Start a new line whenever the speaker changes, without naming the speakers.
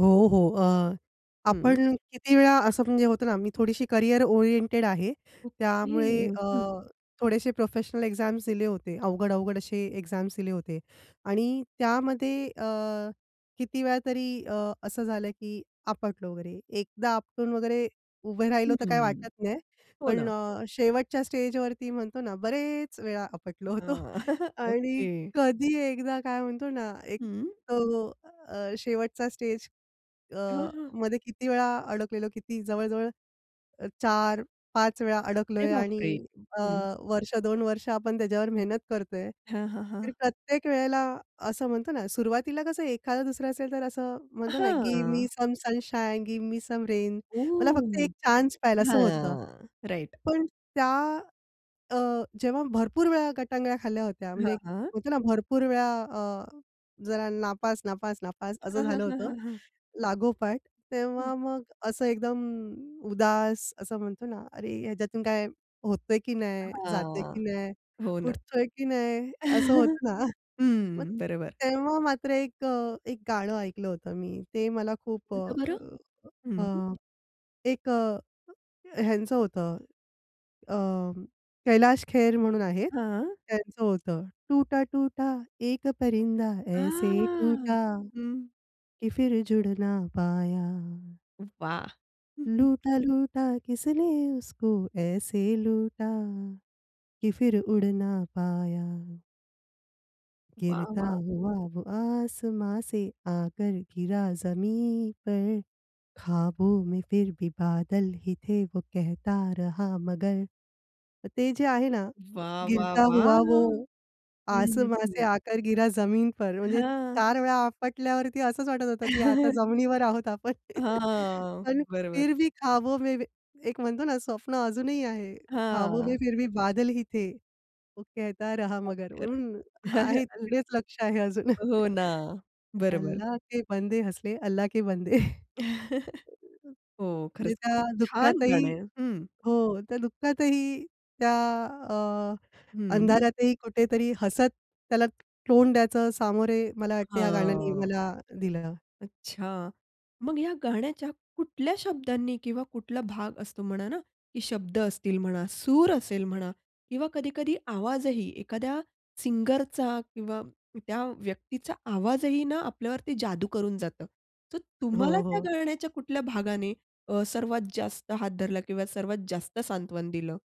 हो, हो अ,
हं.
आपण किती वेळा असं म्हणजे होतं ना मी थोडीशी करियर ओरिएंटेड आहे.
ओके.
त्यामुळे अ,
हं.
थोडेसे प्रोफेशनल एक्झाम्स दिले होते. अवघड अवघड असे एक्झाम्स दिले होते. आणि त्यामध्ये अ, किती वेळा तरी अ, असं झालं की आपटलो वगैरे. 1दा आपटून वगैरे उभे राहिलो तर काय
हं.
वाटत नाही.
हो
पण
ना.
अ, शेवटच्या स्टेजवरती म्हणतो ना बरेच वेळा आपटलो होतो.
हां.
आणि
ओके.
कधी एकदा काय म्हणतो ना एक
हं.
तो अ, शेवटचा स्टेज अ,
हां, हां.
मध्ये किती वेळा अडकलेलो, किती जवळ-जवळ 4-5 वेळा
अरे
अडकलोय
बाप
आणि
रे!
अ,
हं.
वर्ष दोन वर्ष आपण त्याच्यावर मेहनत करतोय.
हां, हां,
तर
हां.
प्रत्येक वेळेला असं म्हणतो ना, सुरुवातीला कसं एखादं दुसरा असेल तर असं म्हणतो ना, "गिव्ह मी
हां.
Some sunshine, give me some rain." मला फक्त
ओ!
1 चान्स पाहिजे असं होतं.
हां. राइट.
पण त्या अ, जेव्हा भरपूर वेळा गटांगळ्या खाल्ल्या होत्या.
हां,
म्हणजे
हां.
म्हणतो ना भरपूर वेळा अ, जरा नापास नापास नापास असं
हां, हां,
झालं
हां,
होतं
हां, हां.
लागोपाठ
हं.
तेव्हा मग असं एकदम उदास असं म्हणतो ना. "अरे! ह्याच्यातून काय होतय की नाही, जातंय
हां.
की नाही,
हो ना.
उठतोय की नाही?" असं होतं ना. मग
हं. बरोबर.
तेव्हा मात्र 1 अ 1 गाणं ऐकलं होतं मी ते मला खूप
हो का बरं?
अ,
हं.
एक अ, ह्यांचं होतं अ, कैलाश खेर म्हणून आहेत.
हां.
त्यांचं होतं "टूटा टूटा, एक परिंदा ऐसे
हां.
टूटा
हं.
कि फ़िर जुड़ ना पाया."
वाह!
लूटा लूटा, किसने उसको ऐसे लूटा कि फ़िर उड़ ना पाया.
वाह,
"गिरता
वाह!
हुआ, वो आसमाँ से आकर गिरा ज़मीन पर. ख़्वाबों में फ़िर भी बादल ही थे, वो कहता रहा मगर." ते जे आहे ना,
वाह, वाह,
गिरता
वाह!
हुआ, वो
हं, हं,
आसमाँ से
हं.
आकर गिरा ज़मीन पर, म्हणजे
हां.
4 वेळा आपटल्यावरती असंच वाटत होतं की आता जमिनीवर आहोत आपण.
हां.
पण,
बरोबर.
फिर भी ख़्वाबों में एक म्हणतो ना स्वप्न अजूनही आहे, ख़्वाबों में
हां.
फिर भी बादल ही थे. वो केहता रहा मगर.
लवकर.
हं, आहे तिकडेच लक्ष आहे अजून.
हो ना. बरोबर.
अल्लाह के बंदे, हँस दे, अल्लाह के बंदे.
हो.
म्हणजे
खरंच
त्या
खूप छान
दुःखातही
गाणं आहे. हं.
हो त्या दुःखातही त्या अ,
हं.
अंधारातही कुठेतरी हसत त्याला तोंड द्यायचं सामोरे मला वाटत ह्या गाण्याने
हां.
मला दिलं.
अच्छा. मग ह्या गाण्याच्या कुठल्या शब्दांनी किंवा कुठला भाग असतो म्हणा ना, की शब्द असतील म्हणा, सूर असेल म्हणा, किंवा कधी-कधी आवाजही, एखाद्या सिंगरचा किंवा त्या व्यक्तीचा आवाजही ना आपल्यावरती जादू करून जातं. तर
हो,
तुम्हाला त्या
हो.
गाण्याच्या कुठल्या भागाने अ, सर्वात जास्त हात धरला किंवा सर्वात जास्त सांत्वन दिलं?